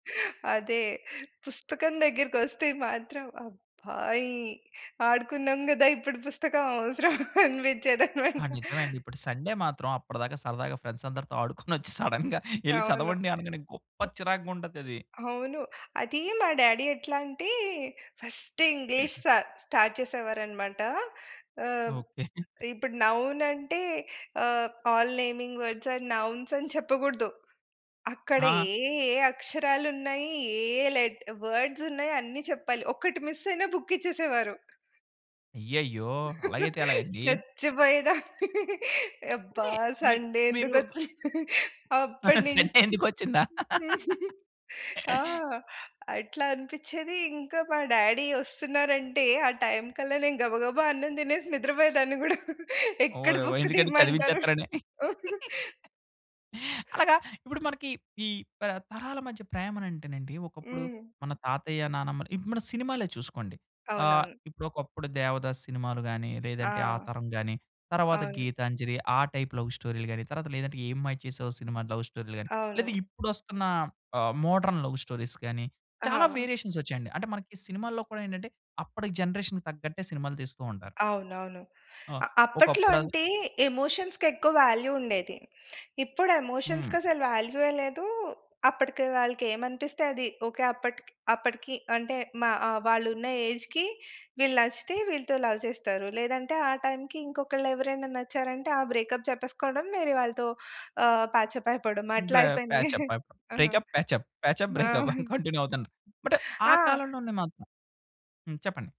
అదే పుస్తకం దగ్గరికొస్తే మాత్రం అబ్బా! ఈ ఆడుకున్నాం గదా! ఇప్పుడు పుస్తకం అవసరం అనిపించేదన్నమాట. ఆ! నిజమే అండి. ఇప్పుడు సండే మాత్రం అప్పటిదాకా సరదాగా ఫ్రెండ్సందరితో ఆడుకొనొచ్చి సడెన్‌గా ఎల్లి అవును. చదవండి అనగానే గొప్ప చిరాగ్గా ఉంటదది. అవును. అది మా డాడీ ఎట్లాంటే ఫస్ట్ ఇంగ్లీష్ సార్ స్టార్ట్ చేసేవారన్నమాట. ఆహ్, ఓకే. ఇప్పుడు నౌన్ అంటే ఆహ్, all naming words are nouns అని చెప్పగూడదు. అక్కడ ఆ! ఏ ఏ అక్షరాలున్నాయి? ఏ ఏ లెట వర్డ్స్ ఉన్నాయి అన్ని చెప్పాలి. ఒకటి మిస్ అయినా బుక్ ఇచ్చేసేవారు. అయ్యయ్యో! అలాగైతే ఎలాగండి? చచ్చిపోయేదాన్ని. అబ్బా! పుడే మీ సండే మీరు ఎందుకొచ్చింది. అప్పటి సండే నుంచి ఎందుకొచ్చిందా? ఆ! అట్లా అనిపిచ్చేది. ఇంక మా డాడీ ఒస్తున్నారంటే ఆ టైమ్ కల్లా నేను గబగబా అన్నం దినేసి నిద్రపోయేదాన్ని గూడా. ఎక్కడ ఓయవొ! బుక్కు ఎందుకంటే తీయమంటారు. చదివించేత్తరని. అలాగా ఇప్పుడు మనకి ఈ ప తరాల మధ్య ప్రేమ అంటేనండి ఒకప్పుడు హ్మ్. మన తాతయ్య, నానమ్మలు ఇప్పుడు మన సినిమాలే చూసుకోండి. ఆహ్, అవునవును. ఇప్పుడొకప్పుడు దేవదాస్ సినిమాలు గాని, ఆ! లేదంటే ఆ తరం గాని తరువాత అవును. గీతాంజలి ఆ టైప్ లవ్ స్టోరీ‌లు గాని, తర్వాత లేదంటే ఏ మాయ చేసేవో సినిమా లవ్ స్టోరీ‌లు గాని, లేదా అవును. ఇప్పుడొస్తున్న ఆహ్, మోడర్న్ లవ్ స్టోరీస్ గాని అహా! చాలా వేరియేషన్స్ ఒచ్చాయండి. అంటే మనకి సినిమాల్లో కూడా ఏంటంటే అప్పటి జనరేషన్‌కి తగ్గట్టే సినిమాలు తీస్తూ ఉంటారు. అవునవును. ఆ! అ అప్పట్లో ఒకప్పుడ అంటే ఎమోషన్స్‌కి ఎక్కువ వాల్యూ ఉండేది. ఇప్పుడు హ్మ్. ఎమోషన్స్‌కసలు వాల్యూయె లేదు. అప్పటికి వాళ్ళకి ఏమనిపిస్తే అది ఓకే. అప్పటి అప్పటికి అంటే మా ఆహ్, వాళ్ళున్న ఏజ్‌కి వీళ్ళు నచ్చితే వీళ్ళతో లవ్ చేస్తారు. లేదంటే ఆ టైమ్‌‌కి ఇంకొకళ్లేవరైనా నచ్చారంటే ఆ బ్రేకప్ చేప్పెసుకోవడం, వేరేవాళ్ళతో ఆహ్, పాచ్ అప్ అయిపోవడం బ్రే అట్లాయిపోయింది. ప్యాచప్ అయిపో ఆ! బ్రేకప్, ప్యాచప్, ప్యాచప్, ఆహా! బ్రేకప్ అని కంటిన్యూ అవుతుంటది. బట్ ఆ ఆ! కాలంలోనే మాత్రం హ్మ్. చెప్పండి.